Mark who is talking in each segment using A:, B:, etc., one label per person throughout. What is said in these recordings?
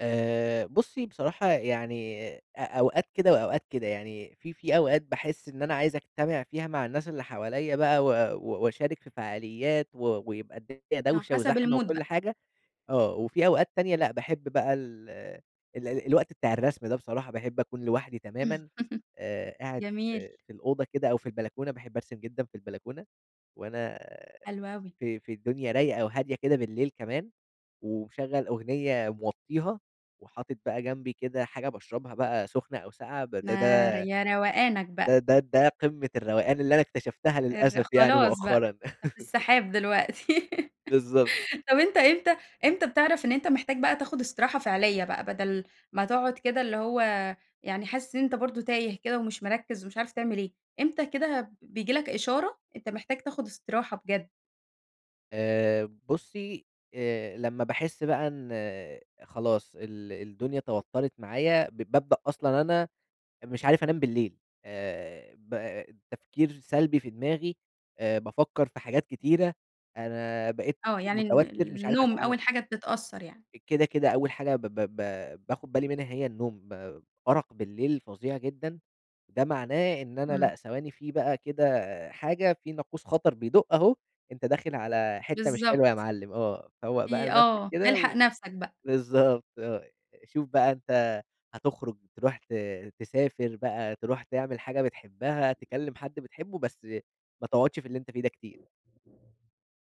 A: آآ بصّي، بصراحة يعني أ أوقات كده وأوقات كده، يعني في في أوقات باحس إن أنا عايز أجتمِع فيها مع الناس اللي حواليّا بقى و و وأشارك في فعاليّات و ويبقى الدنيا
B: آه،
A: دَوشة
B: حسب
A: وزحمة
B: المود
A: وكل
B: بقى.
A: حاجة، آه، وفي أوقات تانية لأ، باحب بقى ال ال الوقت بتاع الرسم ده بصراحة، باحب أكون لوحدي تمامًا، آآ، قاعد
B: جميل.
A: في في الأوضة كده أو في البلكونة، باحب أرسم جدًا في البلكونة وأنا
B: حلو أوي.
A: في في الدنيا رايقة وهادية كده بالليل كمان، ومشغَّل أغنية موطّيها وحاطط بقى جنبي كده حاجة باشرَبها بقى سُخنة أو ساقعة بده ده
B: ما ر يا روقانك بقى.
A: ده ده ده قمّة الروقان اللي أنا اكتشفتها
B: الر
A: للأسف يعني
B: خلاص بقى،
A: مؤخرًا.
B: أنت في السحاب دلوقتي.
A: بالضبط.
B: طَب أنت إمتى إمتى بتعرَف إن أنت محتاج بقى تاخد استراحة فعليّة بقى، بدل ما تقعُد كده اللي هو يعني حاسس إن أنت برضه تايه كده ومش مركِّز ومش عارف تعمل إيه، إمتى كده، ب بييجي لك إشارة أنت محتاج تأخذ إستراحة بجد؟
A: آآ بُصّي، آآ، لمّا باحس بقى إن خلاص ال الدنيا توتّرِت معايا، ب بابدأ أصلًا أنا مش عارف أنام بالليل آآ، ب تفكير سلبي في دماغي، آآ بافكّر في حاجات كتيرة، أنا بقيت
B: آه، يعني ال
A: متوتَّر، مش عارف
B: النوم
A: أتعامل.
B: أول حاجة بتتأثّر يعني.
A: كده، كده أول حاجة ب ب ب باخد بالي منها هي النوم، أرق بالليل فظيع جدًا، ده معناه إن أنا
B: إمم.
A: لأ، ثواني في بقى كده حاجة، في ناقوس خطر بيدُق أهو، أنت داخل على حِتّة مش حلوة يا
B: بالضبط.
A: معلم، آه، فوّق بقى
B: في
A: لنفْسك
B: آه،
A: كده
B: إلحق
A: و
B: نفْسك بقى.
A: بالضبط آه، شوف بقى أنت هتخرُج ترُوح ت تسافر بقى، ترُوح تعمل حاجة بتحبها، تكلِّم حد بتحبه، بس ما تقعُدش في اللي أنت فيه ده كتير.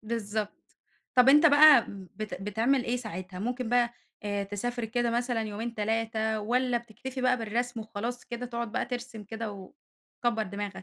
B: بالضبط. طَب أنت بقى م بت بتعمل إيه ساعتها، ممكن بقى آآ تسافر كده مثلًا يومين، 3، والّا بتكتفي بقى بالرسم وخلاص كده، تقعد بقى ترسِم كده وتكبّر دماغك؟